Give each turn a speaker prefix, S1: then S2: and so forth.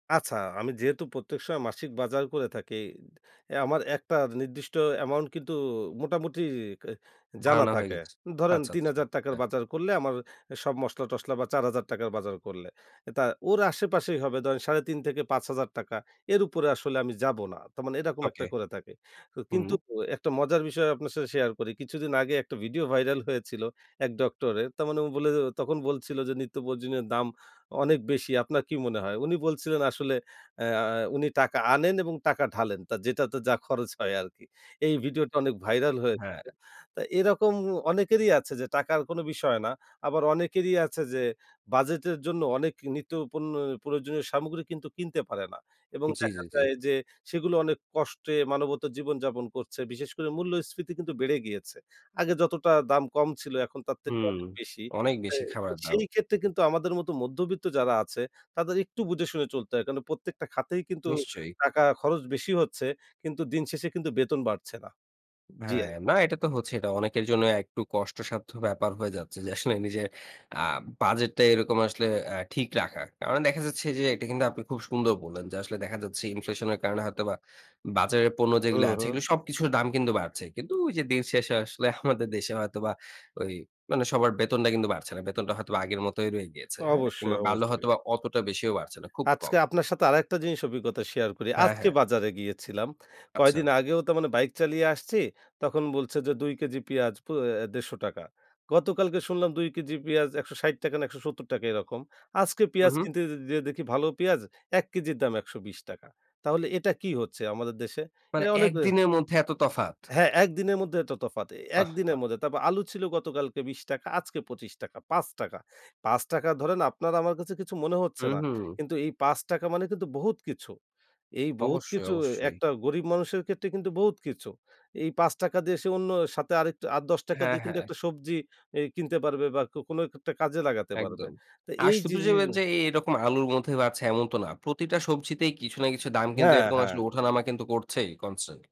S1: আচ্ছা, আমি যেহেতু প্রত্যেক সময় মাসিক বাজার করে থাকি, অ্যা আমার একটা নির্দিষ্ট অ্যামাউন্ট কিন্তু মোটামুটি জানা
S2: ধারণা হয়ে
S1: থাকে।
S2: গেছে।
S1: ধরেন,
S2: আচ্ছা,
S1: ৩
S2: আচ্ছা।
S1: হাজার টাকার
S2: হ্যাঁ।
S1: বাজার করলে আমার সব মসলা টসলা বা ৪ হাজার টাকার বাজার করলে, এটা ওর আশেপাশেই হবে ধরেন ৩.৫ থেকে ৫ হাজার টাকা। এর উপরে আসলে আমি যাবো না। তার মানে এরকম একটা
S2: ওকে।
S1: করে থাকে। তো
S2: হুম।
S1: কিন্তু একটা মজার বিষয় আপনার সাথে শেয়ার করি। কিছুদিন আগে একটা ভিডিও ভাইরাল হয়েছিল এক ডক্টরের। তার মানে ও বলে গেল তখন বলছিল যে "নিত্য প্রয়োজনীয়ের দাম অনেক বেশি। আপনার কী মনে হয়?" উনি বলছিলেন "আসলে অ্যা উনি টাকা আনেন এবং টাকা ঢালেন। তা যেটাতে যা খরচ হয় আরকি।" এই ভিডিওটা অনেক ভাইরাল হয়েছিল।
S2: হ্যাঁ।
S1: তো এরকম অনেকেরই আছে যে, টাকার কোনো বিষয় না। আবার অনেকেরই আছে যে বাজেটের জন্য অনেক নিত্য পণ্য প্রয়োজনীয় সামগ্রী কিন্তু কিনতে পারে না এবং
S2: জি,
S1: দেখা
S2: জি, জি।
S1: যায় যে সেগুলো অনেক কষ্টে মানবেতর জীবনযাপন করছে। বিশেষ করে মূল্যস্ফীতি কিন্তু বেড়ে গিয়েছে। আগে যতটা দাম কম ছিল, এখন তার থেকে
S2: হুম।
S1: অনেক বেশি।
S2: অনেক
S1: সে
S2: বেশি খাবারের দাম।
S1: সেই ক্ষেত্রে কিন্তু আমাদের মতো মধ্যবিত্ত যারা আছে, তাদের একটু বুঝে শুনে চলতে হয়। কারণ প্রত্যেকটা খাতেই কিন্তু
S2: নিশ্চয়ই।
S1: টাকা খরচ বেশি হচ্ছে কিন্তু দিন শেষে কিন্তু বেতন বাড়ছে না। জি।
S2: হ্যাঁ। না, এটা তো হচ্ছেই। এটা অনেকের জন্য একটু কষ্টসাধ্য ব্যাপার হয়ে যাচ্ছে যে, আসলে নিজের আ বাজেটটা এরকম আসলে অ্যা ঠিক রাখাটা। কারণ দেখা যাচ্ছে যে, এটা কিন্তু আপনি খুব সুন্দর বললেন যে আসলে দেখা যাচ্ছে ইনফ্লেশনের কারণে হয়তোবা বাজারের পণ্য
S1: হু,
S2: যেইগুলি আছে,
S1: হু।
S2: এইগুলি সবকিছুর দাম কিন্তু বাড়ছে। কিন্তু ওই যে দিন শেষে আসলে আমাদের দেশে হয়তোবা ওই মানে সবার বেতনটা কিন্তু বাড়ছে না। বেতনটা হয়তোবা আগের মতই রয়ে গিয়েছে, হ্যাঁ?
S1: অবশ্যই,
S2: কিংবা বাড়লে
S1: অবশ্যই।
S2: হয়তোবা অতটা বেশিও বাড়ছে না। খুব
S1: আজকে
S2: কম।
S1: আপনার সাথে আরেকটা জিনিস অভিজ্ঞতা শেয়ার করি।
S2: হ্যাঁ,
S1: আজকে
S2: হ্যাঁ।
S1: বাজারে গিয়েছিলাম।
S2: আচ্ছা।
S1: কয়দিন আগেও তার মানে বাইক চালিয়ে আসছি, তখন বলছে যে ২ কেজি পিয়াজ পো অ্যা ১৫০ টাকা। গতকালকে শুনলাম ২ কেজি পিয়াজ ১৬০ টাকা না ১৭০ টাকা এরকম। আজকে
S2: হু,
S1: পেঁয়াজ
S2: হু।
S1: কিনতে যে যেয়ে দেখি ভালো পেঁয়াজ ১ কেজির দাম ১২০ টাকা। তাহলে এটা কী হচ্ছে আমাদের দেশে? এ
S2: মানে
S1: অনেকে
S2: একদিনের মধ্যে এত তফাত!
S1: হ্যাঁ, ১ দিনের মধ্যে এত তফাত। এ ১
S2: আহ্ হা!
S1: দিনের মধ্যে। তারপর আলু ছিল গতকালকে ২০ টাকা, আজকে ২৫ টাকা। ৫ টাকা, ৫ টাকা ধরেন আপনার আমার কাছে কিছু মনে হচ্ছে
S2: হু,
S1: না।
S2: হু।
S1: কিন্তু এই ৫ টাকা মানে কিন্তু বহুত কিছু। এই বহুত
S2: অবশ্যই,
S1: কিছু
S2: অবশ্যই।
S1: একটা গরিব মানুষের ক্ষেত্রে কিন্তু বহুত কিছু। এই ৫ টাকা দিয়ে সে অন্য সাথে আরেকটু আর ১০ টাকা
S2: হ্যাঁ,
S1: দিয়ে কিন্তু
S2: হ্যাঁ।
S1: একটা সবজি এই কিনতে পারবে বা কোনো একটা কাজে লাগাতে পারবে।
S2: একদম।
S1: তো
S2: আর
S1: এই যে
S2: শুধু
S1: যে
S2: যে এন যে এই রকম আলুর মধ্যে বাড়ছে এমন তো না। প্রতিটা সবজিতেই কিছু না কিছু দাম কিন্তু
S1: হ্যাঁ,
S2: এরকম আসলে
S1: হ্যাঁ।
S2: ওঠা-নামা কিন্তু করছেই, কনস্ট্যান্ট।